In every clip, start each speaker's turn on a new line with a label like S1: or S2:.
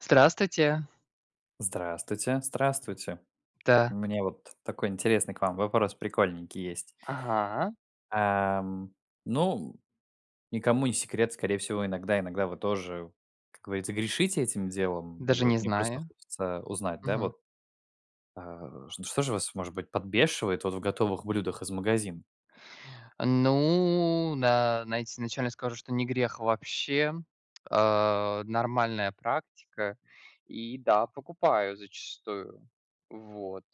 S1: Здравствуйте.
S2: Здравствуйте, здравствуйте.
S1: Да.
S2: Мне вот такой интересный к вам вопрос прикольненький есть.
S1: Ага.
S2: Ам, ну, никому не секрет. Скорее всего, иногда иногда вы тоже, как говорится, грешите этим делом, и
S1: Даже
S2: вот
S1: не
S2: мне просто
S1: знаю.
S2: хочется узнать, да
S1: Мгм.
S2: вот, а, ш что же вас, может быть, подбешивает в готовых блюдах из магазина?
S1: Ну да, найти изначально скажу, что не грех вообще. А, нормальная практика, и, да, покупаю зачастую. Вот.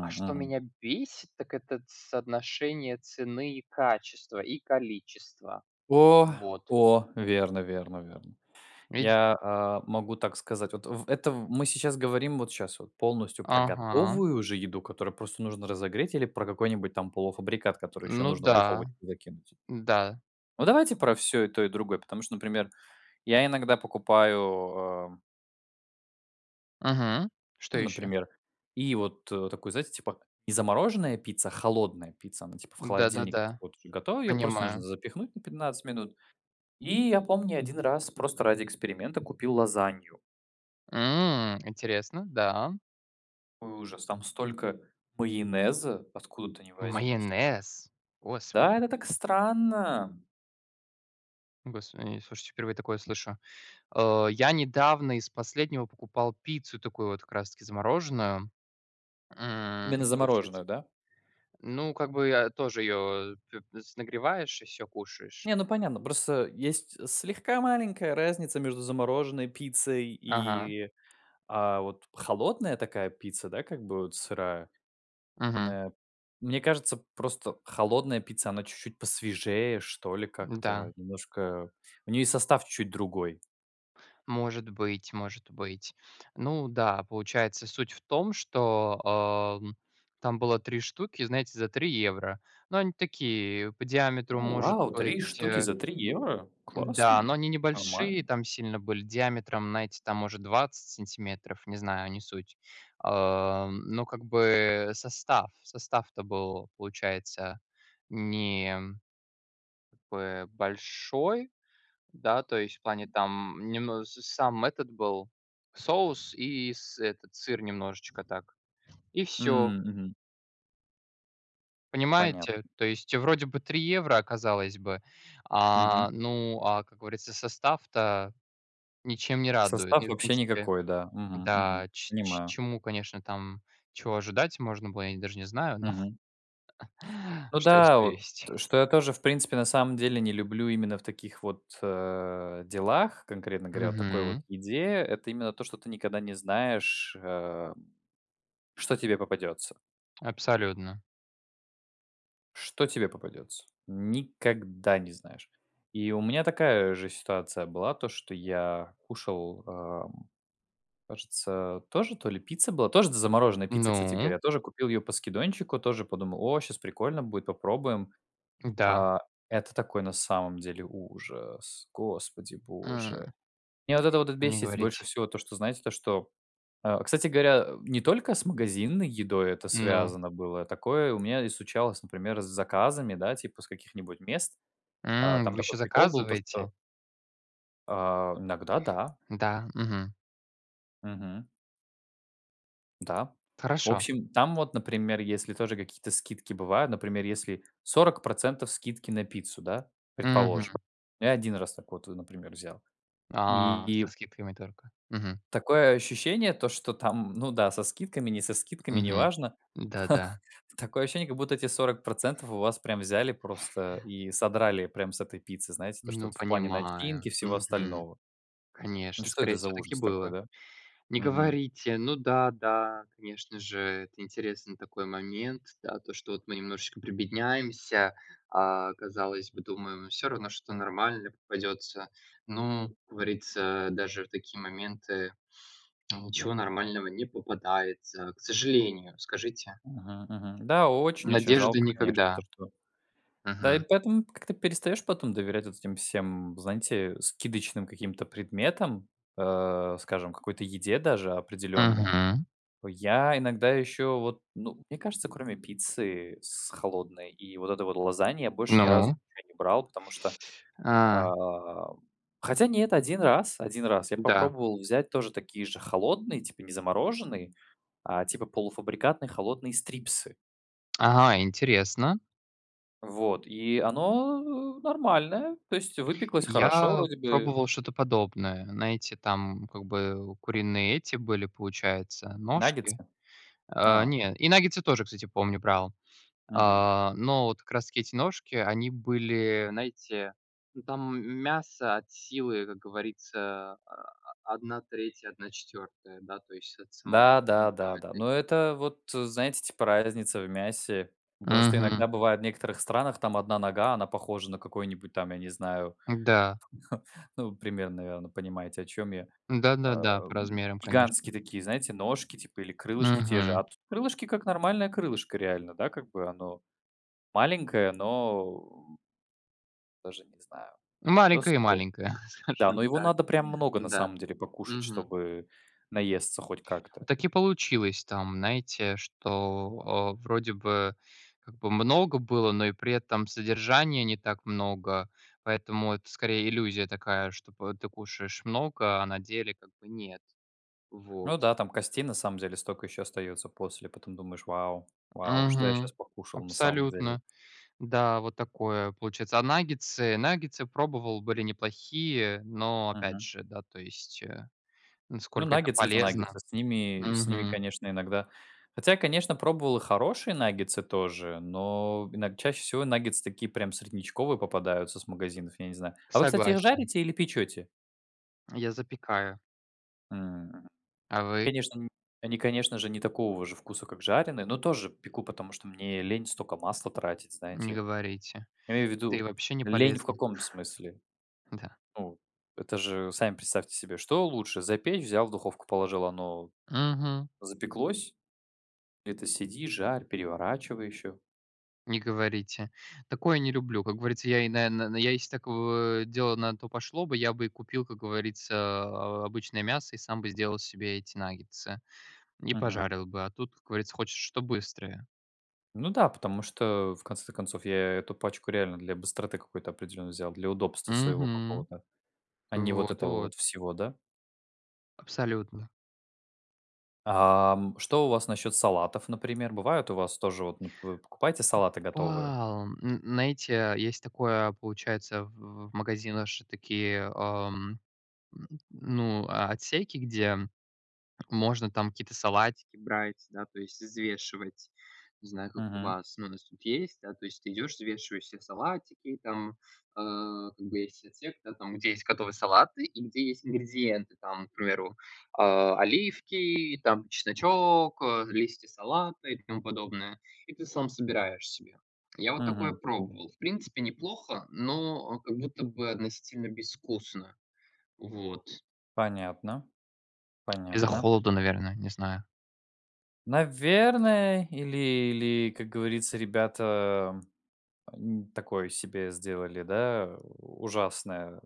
S1: А что
S2: мгм.
S1: меня бесит, так это соотношение цены и качества, и количества.
S2: О,
S1: Вот.
S2: о, верно верно верно.
S1: Видите.
S2: Я, а, могу так сказать. Вот в это мы сейчас говорим вот щас вот полностью про
S1: Ага.
S2: готовую уже еду, которую просто нужно разогреть или про какой-нибудь там полуфабрикат, который еще
S1: Ну
S2: нужно в
S1: да,
S2: духовочку закинуть.
S1: да.
S2: Ну, давайте про всё, и то и другое, потому что, например, я иногда покупаю, э
S1: Мгм. Что
S2: Ну,
S1: еще.
S2: например, и вот, э, такую, знаете, типа, и замороженная пицца, холодная пицца, она, типа, в
S1: Да,
S2: холодильник
S1: да-да.
S2: вот и готовая, ее просто нужно
S1: Понимаю.
S2: запихнуть на 15 минут, и я помню, 1 раз просто ради эксперимента купил лазанью.
S1: М, интересно, да.
S2: Какой ужас! Там столько майонеза, откуда-то ни возьмись!
S1: Майонез?
S2: Да,
S1: Господи!
S2: это так странно.
S1: Господи, э, слушайте, впервые такое слышу. Э, я недавно из последнего покупал пиццу, такую вот как раз таки замороженную. М,
S2: Именно
S1: и получается
S2: замороженную, да?
S1: ну, как бы, я, тоже ее к с нагреваешь, и всё кушаешь.
S2: Не, ну понятно, просто есть слегка маленькая разница между замороженной пиццей
S1: Ага.
S2: и, а, вот холодная такая пицца, да, как бы, вот сырая.
S1: Мгм.
S2: На мне кажется, просто холодная пицца, она чуть-чуть посвежее, что ли, как-то
S1: Да.
S2: немножко у нее и состав чуть-чуть другой.
S1: Может быть, может быть. Ну да, получается, суть в том, что, э, там было 3 штуки, знаете, за 3 евро. Ну, они такие, по диаметру,
S2: У,
S1: может
S2: вау, 3
S1: быть,
S2: штуки
S1: э
S2: за 3 евро?
S1: Да,
S2: Классно,
S1: но они
S2: нормально.
S1: небольшие, там сильно были, диаметром, знаете, там, может, 20 сантиметров, не знаю, не суть. Э, но как бы состав состав-то был, получается, не б большой, да, то есть в плане, там немн с сам этот был соус и с этот сыр немножечко так, и всё.
S2: М, мгм. Понятно.
S1: Понимаете, то есть вроде бы 3 евро, а казалось бы, а,
S2: Мгм.
S1: ну, а, как говорится, состав-то ничем не радует.
S2: Состав
S1: Не, в
S2: вообще
S1: принципе,
S2: никакой, да, мгм,
S1: да,
S2: мгм.
S1: ч ч
S2: Понимаю.
S1: чему, конечно, там чего ожидать можно было, я даже не знаю, но
S2: Мгм. Ну
S1: что есть,
S2: да,
S1: то
S2: вот
S1: есть.
S2: что я тоже, в принципе, на самом деле не люблю именно в таких вот, э, делах, конкретно говоря, такой вот
S1: Мгм.
S2: идее- это именно то, что ты никогда не знаешь, э, что тебе попадется.
S1: Абсолютно!
S2: Что тебе попадется? Никогда не знаешь, и у меня такая же ситуация была, то что я кушал, эм, кажется тоже то ли пицца была, тоже д замороженная пицца, кстати
S1: Ну?
S2: говоря, тоже купил ее по скидончику, тоже подумал: "О, щас прикольно будет попробуем",
S1: Да.
S2: э это такой на самом деле ужас, Господи Боже.
S1: М.
S2: Мне вот это вот
S1: Они
S2: бесит больше
S1: говорить
S2: всего то что знаете то что э, кстати говоря, э, не только с магазинной едой это
S1: Ну?
S2: связано было, такое у меня и случалось например с заказами, да, типа с каких-нибудь мест, э,
S1: М,
S2: там
S1: вы
S2: такой
S1: ещё
S2: прикол был то
S1: заказываете?
S2: что Э, иногда да.
S1: Да, мгм.
S2: Мгм. Да. В
S1: Хорошо.
S2: общем там вот например если тоже какие-то скидки бывают, например если 40 % скидки на пиццу, да,
S1: Мгм.
S2: предположим, я 1 раз такую вот например взял.
S1: А! Со
S2: И
S1: скидками только. Мгм.
S2: такое ощущение то что там, ну да, со скидками, не со скидками
S1: Мгм,
S2: неважно,
S1: да, да.
S2: такое ощущение, как будто эти 40% у вас прям взяли просто и содрали прям с этой пиццы знаете, то что
S1: Ну
S2: в плане
S1: понимаю,
S2: начинки всего
S1: мгм.
S2: остального. Ну
S1: Конечно,
S2: что
S1: скорее
S2: это за
S1: всего, так и
S2: ужас такой,
S1: было.
S2: да?
S1: Не
S2: Мгм.
S1: говорите. Ну да, да, конечно же, это интересный такой момент, да, то, что вот мы немножечко прибедняемся, а, казалось бы, думаем всё равно, что-то нормально попадется, но, как говорится, даже такие моменты ничего нормального не попадается, к сожалению, скажите?
S2: Мгм, мгм. Да, очень-очень
S1: Надежды
S2: жалко, конечно, то
S1: никогда.
S2: что да, и
S1: Мгм.
S2: поэтому как-то перестаешь потом доверять вот этим всем знаете скидочным каким-то предметам, э, скажем какой-то еде, даже, определенно.
S1: Мгм.
S2: Я иногда еще вот, ну, мне кажется кроме пиццы с холодной и вот это вот лазаньи больше ни разу
S1: Ну?
S2: ничего не брал потому что,
S1: А!
S2: а, хотя нет, 1 раз, 1 раз я
S1: Да.
S2: попробовал взять тоже такие же холодные типа не замороженные, а, типа полуфабрикатные холодные стрипсы.
S1: Ага, интересно.
S2: Вот и оно нормальное, то есть выпеклась хорошо
S1: Я
S2: вроде бы.
S1: пробовал что-то подобное, знаете, там, как бы, куриные эти были, получается, ножки.
S2: Наггетсы?
S1: Э,
S2: А.
S1: не, и наггетсы тоже, кстати, помню брал, э,
S2: Мгм.
S1: но вот, как раз-таки, эти ножки, они были, знаете, ну там мясо от силы как говорится, а, а, 1/3-1/4, да то есть от самой,
S2: Да, да,
S1: ну, там
S2: да, да,
S1: этой.
S2: но это вот, знаете, типа разница в мясе, ну, потому что
S1: Мгм.
S2: иногда бывает некоторых странах там 1 нога, она похожа на какой-нибудь там я не знаю,
S1: Да.
S2: ну, примерно, наверное, понимаете о чем я, э,
S1: Да-да-да, по размерам
S2: гигантские
S1: конечно!
S2: такие знаете ножки, типа или крылышки те же.
S1: Мгм.
S2: А тут крылышки- как нормальное крылышко реально, да как бы оно маленькое, но даже не знаю, но
S1: Маленькая и
S2: съедобное.
S1: маленькая.
S2: Да,
S1: Скажу
S2: но его
S1: так,
S2: надо прям много, на
S1: да.
S2: самом деле, покушать,
S1: Мгм.
S2: чтобы наесться хоть как-то.
S1: Так и получилось там, знаете, что, э, вроде бы, как бы, много было, но и при этом содержания не так много, поэтому это, скорее, иллюзия такая, чтоб ты кушаешь много, а на деле, как бы, нет.
S2: Ну
S1: Вот.
S2: да, там костей на самом деле столько еще остается после, потом думаешь: "Вау, вау, что я
S1: Мгм,
S2: щас покушал на самом деле?"
S1: абсолютно. Да, вот такое, получается. А наггетсы? Наггетсы пробовал, были неплохие, но, опять
S2: Мгм.
S1: же, да то есть, э,
S2: Ну
S1: насколько это
S2: наггетсы- это наггетсы
S1: полезно?
S2: с ними с ними,
S1: Мгм.
S2: конечно, иногда хотя конечно пробовал и хорошие наггетсы тоже, но иног чаще всего наггетсы такие прям среднячковые попадаются с магазинов, я не знаю. А вы кстати их
S1: Согласен.
S2: жарите, или печете?
S1: Я запекаю.
S2: М,
S1: А вы?
S2: конечно ни они конечно же не такого же вкуса как жареные, но тоже пеку потому что мне лень столько масла тратить,
S1: Не
S2: знаете.
S1: говорите.
S2: Имею
S1: Да и
S2: ввиду
S1: вообще не
S2: лень в
S1: полезно.
S2: каком смысле,
S1: Да.
S2: ну, это же сами представьте себе, что лучше запечь- взял в духовку положил оно
S1: Мгм.
S2: запеклось, это сиди жарь переворачивай еще.
S1: Не говорите. Такое не люблю, как говорится, я и на на на я если такого дело, если на то пошло бы, я бы и купил, как говорится, а, обычное мясо, и сам бы сделал себе эти наггетсы, и
S2: Мгм.
S1: пожарил бы. А тут, как говорится, хочешь, что-то быстрое.
S2: Ну да, потому что, э, в конце то концов, я эту пачку реально для быстроты какой-то определенной взял, для удобства своего
S1: Мгм.
S2: какого-то, а не вот
S1: Вот,
S2: этого
S1: вот.
S2: вот всего, да?
S1: Абсолютно.
S2: Ам, что у вас насчет салатов, например? Бывает у вас тоже вот, ну, вы покупаете салаты готовые?
S1: Покупал, н знаете есть такое, получается, в в магазинах же такие, эм, ну, а отсеки, где можно там какие-то салатики брать, да, то есть и взвешивать. Не знаю, как у
S2: Мгм.
S1: вас, у нас тут есть, да. То есть ты идешь, взвешиваешь себе салатики, там, э, как бы есть отсек, да там где есть готовые салаты и где есть ингредиенты, там, к примеру, э, оливки, там, чесночок, э, листья салата, и тому подобное, и ты сам собираешь себе. Я вот такое
S2: Мгм.
S1: пробовал. В принципе, неплохо, но как будто бы одностильно безвкусно. Вот.
S2: Понятно,
S1: Из-за
S2: понятно.
S1: холода, наверно, не знаю.
S2: Наверное, или или, как говорится, ребята, м, такое себе сделали, да, ужасное,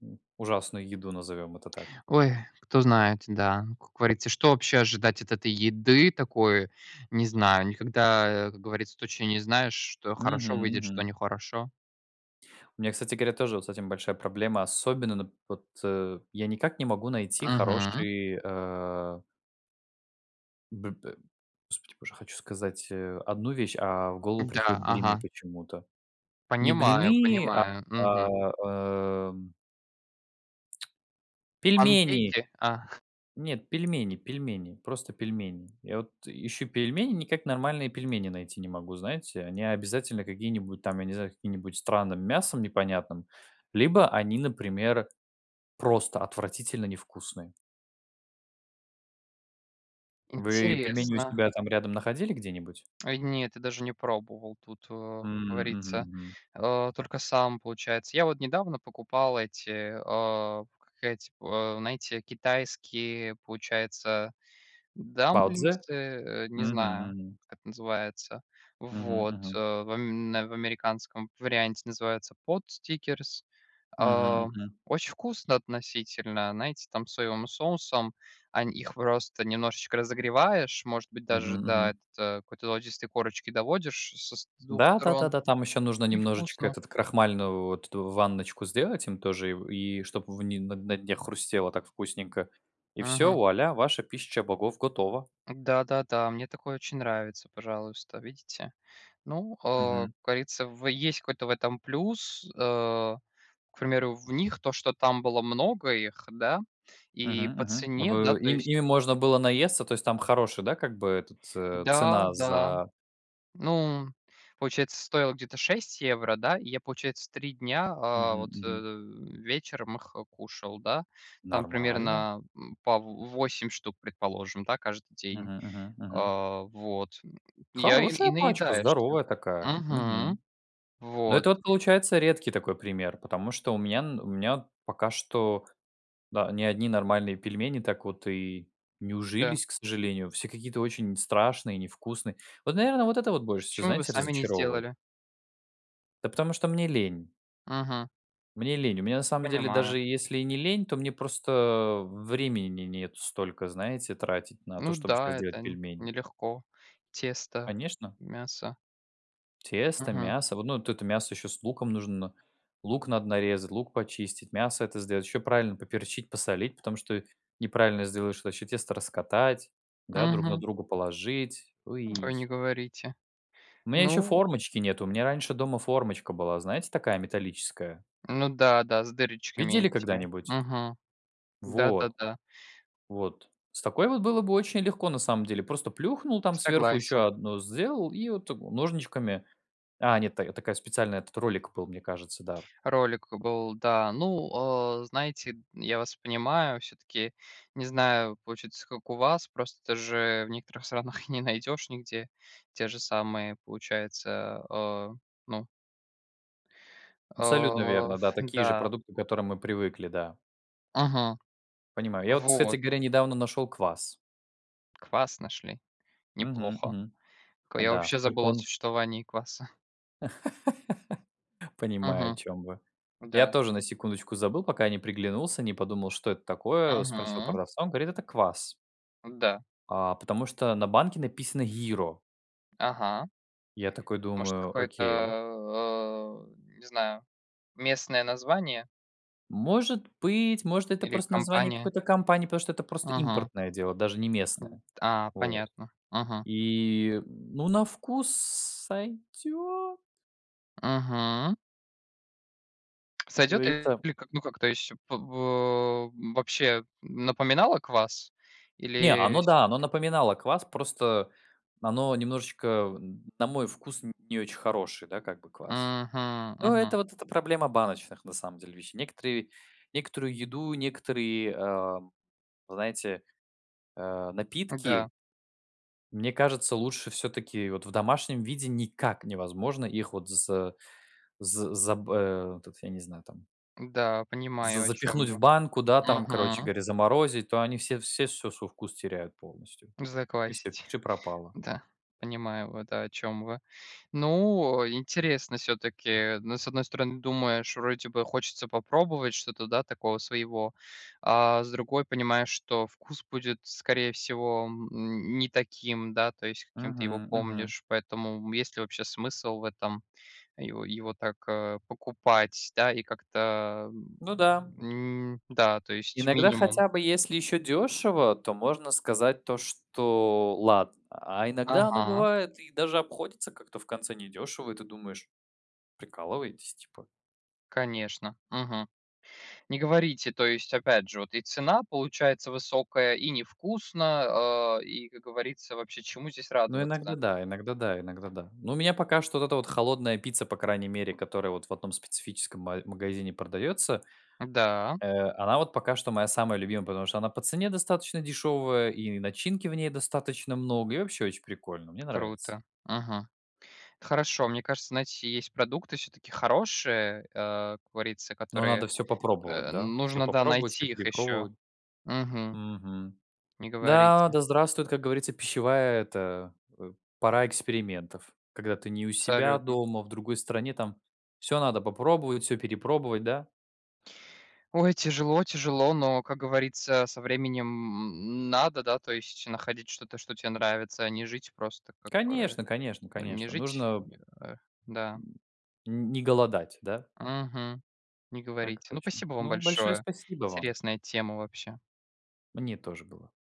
S2: м, ужасную еду, назовем это так.
S1: Ой, кто знает, да. Как говорится, что вообще ожидать от этой еды такой, не знаю. Никогда, э, как говорится, точно не знаешь, что хорошо
S2: Мгм,
S1: выйдет, что
S2: мгм.
S1: не хорошо.
S2: У меня, кстати говоря, тоже вот с этим большая проблема. Особенно н вот, э, я никак не могу найти
S1: Мгм.
S2: хороший, а Б б Господи боже, хочу сказать, а, одну вещь, а в голову
S1: Да,
S2: приходят блины
S1: ага.
S2: почему-то. Не
S1: Понимаю
S2: блины, а,
S1: понимаю, мгм.
S2: эм Пельмени!
S1: Панкейки? А.
S2: Нет, пельмени пельмени, просто пельмени. Я вот, э, ищу пельмени, никак нормальные пельмени найти не могу. Знаете, они обязательно какие-нибудь там, я не знаю, с каким-нибудь странным мясом непонятным. Либо они, например, просто отвратительно невкусные. Вы пельмени у
S1: Интересно.
S2: себя там рядом находили где-нибудь?
S1: Ой, нет, я даже не пробовал, тут, э,
S2: М, мгм,
S1: говорится,
S2: мгм.
S1: э, только сам, получается. Я вот недавно покупал эти, э, как эти п э, знаете, китайские, получается,
S2: 包子?
S1: дамплингсы, э, не
S2: Мгм,
S1: знаю,
S2: мгм.
S1: как называется.
S2: Мгм,
S1: Вот, э,
S2: мгм.
S1: в м э, в американском варианте называется potstickers.
S2: Мгм,
S1: А,
S2: мгм.
S1: очень вкусно, относительно, знаете, там, соевым соусом, он их просто немножечко разогреваешь. Может быть, даже
S2: Мгм,
S1: до
S2: мгм.
S1: этот до какой-то ло [unintelligible] корочки доводишь с ш c 2
S2: Да да да
S1: сторон.
S2: да, там ещё нужно
S1: И
S2: немножечко
S1: вкусно.
S2: этот крахмальную вот эту ванночку сделать им тоже, и в чтобы вни на на дне хрустело так вкусненько. И всё,
S1: Мгм.
S2: вуаля, ваша пища богов готова.
S1: Да-да-да, мне такое очень нравится, пожалуйста, видите. Ну, а, как
S2: Мгм.
S1: говорится, в есть какой-то в этом плюс. А, к примеру, в них то, что там было много их, да, и
S2: Мгм,
S1: по
S2: мгм.
S1: цене, да,
S2: В
S1: то
S2: им
S1: есть
S2: ими можно было наесться? То есть там хорошая, да, как бы, этот це
S1: Да
S2: цена
S1: да.
S2: за
S1: Ну, получается, стоило где-то 6 евро, да? И я, получается, 3 дня, а
S2: Мгм,
S1: вот, а,
S2: мгм.
S1: э, вечером их, а, кушал, да. Там
S2: Нормально?
S1: примерно, э, по в восемь штук, предположим, да, каждый день.
S2: Мгм, мгм. Мгм.
S1: А вот. И я, и и
S2: Хорошая пачка,
S1: наедаешься.
S2: здоровая такая.
S1: Мгм.
S2: Мгм. Но
S1: Вот.
S2: это вот получается редкий такой пример, потому что у меня н у меня пока что, да, ни одни нормальные пельмени так вот и не
S1: Да.
S2: ужились, к сожалению. Все какие-то очень страшные и невкусные. Вот, наверно, вот это вот больше всего,
S1: Почему вы
S2: знаете,
S1: сами не
S2: разочаровывает.
S1: сделали?
S2: Да потому что мне лень.
S1: Мгм.
S2: Мне лень. У меня, на самом деле,
S1: Понимаю.
S2: даже если и не лень, то мне просто времени не нет столько, знаете, тратить на то,
S1: Ну
S2: чтобы щас
S1: да, это
S2: делать
S1: н
S2: пельмени.
S1: нелегко. Тесто,
S2: Конечно.
S1: мясо.
S2: Тесто,
S1: Мгм.
S2: мясо, во ну, т это мясо ещё с луком нужно. Лук надо нарезать, лук почистить, мясо это сделать, ещё правильно поперчить, посолить, потому что неправильно сделаешь, то ещё тесто раскатать, да, друг на
S1: Мгм.
S2: друга положить.
S1: Ой,
S2: Ой.
S1: не говорите.
S2: У меня ещё
S1: Ну
S2: формочки нету, у меня раньше дома формочка была, знаете, такая металлическая?
S1: Ну да, да, с дырочками
S2: Видели
S1: этими,
S2: когда-нибудь?
S1: мгм.
S2: Вот.
S1: Да-да-да.
S2: Вот. С такой вот было бы очень легко на самом деле: просто плюхнул там сверху
S1: Согласен.
S2: еще 1, сделал и вот так ножничками. А нет, т такая специальная, этот ролик был, мне кажется, да.
S1: Ролик был, да. Ну, а, знаете, я вас понимаю. Всё-таки не знаю, получится как у вас. Просто же в некоторых странах не найдёшь нигде те же самые, получается, э, ну
S2: Абсолютно
S1: Э
S2: верно,
S1: ф
S2: да, такие
S1: да.
S2: же продукты, к которым мы привыкли, да.
S1: Мгм.
S2: Понимаю. Я вот, кстати
S1: Вот.
S2: говоря, недавно нашёл квас.
S1: Квас нашли?
S2: Мгм,
S1: Неплохо.
S2: мгм.
S1: К я
S2: Да,
S1: вообще
S2: только
S1: забыл о
S2: он
S1: существовании кваса.
S2: Понимаю, о
S1: Мгм.
S2: чем вы. Я
S1: Да.
S2: тоже на секундочку забыл, пока не приглянулся, не подумал, что это такое, э, спросил
S1: Мгм.
S2: продавца, он говорит: "Это квас".
S1: Да.
S2: А, потому что на банке написано "Йиро".
S1: Ага.
S2: Я такой
S1: Может,
S2: думаю:
S1: какое-то,
S2: "Окей".
S1: э э, не знаю, местное название?
S2: Может быть, может, это
S1: Или
S2: просто название
S1: компания?
S2: какой-то компании, потому что это просто
S1: Ага.
S2: импортное дело, даже не
S1: Д
S2: местное.
S1: а,
S2: Вот.
S1: понятно, ага.
S2: И, ну, на вкус сойдёт.
S1: Мгм.
S2: Как
S1: Сойдёт
S2: говорится.
S1: или как, ну, как это ещё, п б э, вообще напоминало квас?
S2: Не,
S1: Или, э,
S2: оно да, оно
S1: всё-таки
S2: напоминало квас, просто оно немножечко, м, на мой вкус н не очень хороший, да, как бы квас.
S1: Мгм,
S2: Ну, это
S1: мгм.
S2: вот эта проблема баночных, на самом деле, вещей. Некоторые некоторую еду, некоторые, а, знаете, а, напитки
S1: Да.
S2: мне кажется, лучше всё-таки вот в домашнем виде никак невозможно их вот за з за б э, этот тут я не знаю там
S1: Да,
S2: З
S1: понимаю, о чём
S2: запихнуть в
S1: вы.
S2: банку, да, там, короче
S1: Мгм.
S2: говоря, заморозить, то они все всё сво свой вкус теряют полностью. И всё,
S1: Заквасить.
S2: пиши пропало.
S1: Да. Понимаю, вот, э о чём вы. Ну, э, интересно всё-таки, э, ну, с одной стороны думаешь: вроде бы хочется попробовать что-то, да, такого своего, а, с другой понимаешь, что вкус будет, скорее всего, м, не таким, да, то есть каким ты его
S2: Мгм, мгм.
S1: помнишь, поэтому, м, есть ли вообще смысл в этом, его его так, а, покупать, да? И как-то, м,
S2: Ну да.
S1: м, да, то есть
S2: Иногда,
S1: минимум.
S2: хотя бы если ещё дёшево, то можно сказать то, что ладно. А иногда оно
S1: Ага.
S2: бывает и даже обходится как-то в конце недёшево, и ты думаешь: "Прикалываетесь, типа?"
S1: Конечно, мгм. Не говорите, то есть, опять же, вот и цена получается высокая, и невкусно, э, и, как говорится, вообще чему здесь
S2: Ну, иногда
S1: радоваться?
S2: да, иногда да, иногда да. Но у меня пока что вот эта вот холодная пицца, по крайней мере, которая вот в одном специфическом ма магазине продаётся.
S1: Да.
S2: Э, она вот пока что моя самая любимая, потому что она по цене достаточно дешёвая, и начинки в ней достаточно много, и вообще очень прикольно, мне нравится.
S1: Круто. Мгм. Это хорошо. Мне кажется, знаете, есть продукты всё-таки хорошие, а, как говорится,
S2: Но
S1: которые,
S2: надо всё попробовать,
S1: э,
S2: да, всё
S1: нужно, да,
S2: попробовать, всё
S1: найти их ещё.
S2: перепробовать.
S1: Мгм.
S2: Мгм.
S1: Не
S2: Да,
S1: говорите.
S2: да здравствует, как говорится, пищевая эта, э, пора экспериментов. Когда ты не у себя
S1: Абсолютно.
S2: дома, а в другой стране, там всё надо попробовать, всё перепробовать, да?
S1: Ой, тяжело тяжело, но, как говорится, со временем, м, надо, да, то есть находить что-то, что те нравится, а не жить просто, как бы.
S2: Конечно конечно
S1: Не
S2: конечно
S1: жить,
S2: нужно
S1: м, э, да.
S2: М, н не голодать, да?
S1: Мгм. Не
S2: Так
S1: говорите. Ну,
S2: точно.
S1: спасибо вам
S2: Ну, большое
S1: большое.
S2: спасибо вам.
S1: Интересная тема вообще.
S2: Мне тоже было.